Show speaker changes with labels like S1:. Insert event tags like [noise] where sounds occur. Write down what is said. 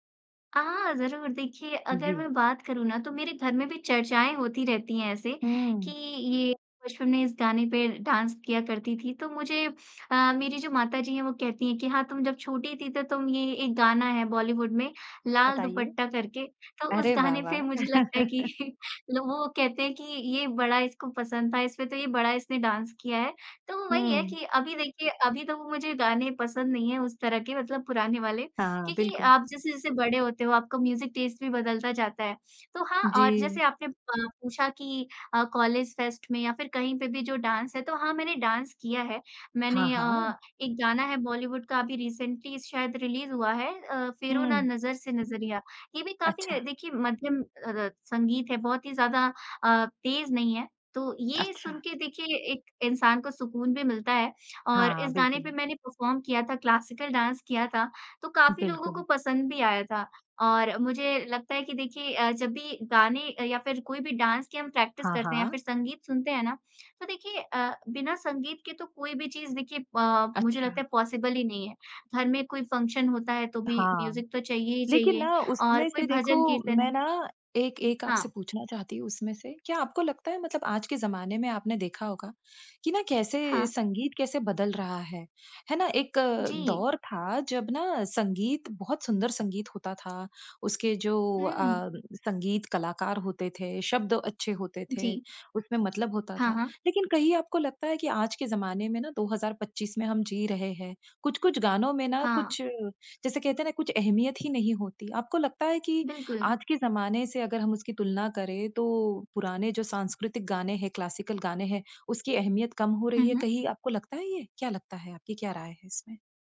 S1: आह! ज़रूर। देखिए अगर
S2: जी।
S1: मैं बात करूँ ना तो मेरे घर में भी चर्चाएँ होती रहती हैं ऐसे कि,
S2: हुँ।
S1: ये बचपन ने इस गाने पे डांस किया करती थी तो मुझे अ, मेरी जो माताजी है वो कहती है कि हाँ तुम जब छोटी थी तो तुम ये एक गाना है बॉलीवुड में लाल
S2: बताइए।
S1: दुपट्टा करके तो उस
S2: अरे वाह,
S1: गाने पे
S2: वाह!
S1: मुझे लगता है कि
S2: [laughs]
S1: [chuckles] वो कहते हैं कि ये बड़ा इसको पसंद था, इसमें तो ये बड़ा इसने डांस किया है। तो वो वही है
S2: हुँ।
S1: की अभी देखिये, अभी तो वो मुझे गाने पसंद नहीं है उस तरह के मतलब पुराने वाले
S2: हाँ,
S1: क्योंकि
S2: बिल्कुल।
S1: आप जैसे-जैसे बड़े होते हो आपका म्यूज़िक टेस्ट बदलता जाता है। तो हाँ और जैसे
S2: जी।
S1: आपने प पूछा कि अ, कॉलेज फेस्ट में या फिर कहीं पे भी जो डांस है तो हाँ मैंने डांस किया है। मैंने
S2: हाँ,
S1: अ,
S2: हाँ।
S1: एक गाना है बॉलीवुड का अभी रिसेंटली शायद रिलीज हुआ है अ, "फेरों ना
S2: हुँ।
S1: नज़र से नजरिया"। ये भी काफी
S2: अच्छा।
S1: देखिए मध्यम अरत संगीत है बहुत ही ज़्यादा अ, तेज़ नहीं है। तो ये सुन
S2: अच्छा।
S1: के देखिए, एक इंसान को सुकून भी मिलता है और
S2: हाँ,
S1: इस गाने पे
S2: बिल्कुल।
S1: मैंने परफॉर्म किया था, क्लासिकल डांस किया था, तो काफ़ी लोगों को
S2: बिल्कुल।
S1: पसंद भी आया था। और मुझे लगता है कि देखिए अ, जब भी गाने या फिर कोई भी डांस की हम प्रैक्टिस
S2: हाँ,
S1: करते हैं या
S2: हाँ।
S1: फिर संगीत सुनते हैं ना, तो देखिए अ, बिना संगीत के तो कोई भी चीज़ देखिए पा मुझे लगता
S2: अच्छा।
S1: है पॉसिबल ही नहीं है। घर में कोई फंक्शन होता है तो भी
S2: हाँ,
S1: म्यूज़िक तो चाहिए ही
S2: लेकिन
S1: चाहिए
S2: ना
S1: और
S2: उसमें
S1: कोई
S2: से देखो,
S1: भजन कीर्तन
S2: मैं ना एक एक आपसे
S1: हाँ।
S2: पूछना चाहती हूँ उसमें से, क्या आपको लगता है मतलब आज के ज़माने में आपने देखा होगा कि ना कैसे
S1: हाँ।
S2: संगीत कैसे बदल रहा है, है ना? एक अ,
S1: जी।
S2: दौर था जब ना संगीत, बहुत सुंदर संगीत होता था। उसके जो अ,
S1: हुँ।
S2: संगीत कलाकार होते थे, शब्द अच्छे होते थे,
S1: जी।
S2: उसमें मतलब होता
S1: हाँ,
S2: था।
S1: हाँ।
S2: लेकिन कहीं आपको लगता है कि आज के ज़माने में ना 2025 में हम जी रहे हैं। कुछ-कुछ गानों में ना
S1: हाँ।
S2: कुछ जैसे कहते हैं ना कुछ अहमियत ही नहीं होती। आपको लगता है कि
S1: बिल्कुल।
S2: आज के ज़माने से अगर हम उसकी तुलना करें तो पुराने जो सांस्कृतिक गाने हैं, क्लासिकल गाने हैं, उसकी अहमियत कम हो
S1: हुँ,
S2: रही है,
S1: हुँ।
S2: कहीं आपको लगता है ये? क्या लगता है, आपकी क्या राय है इसमें?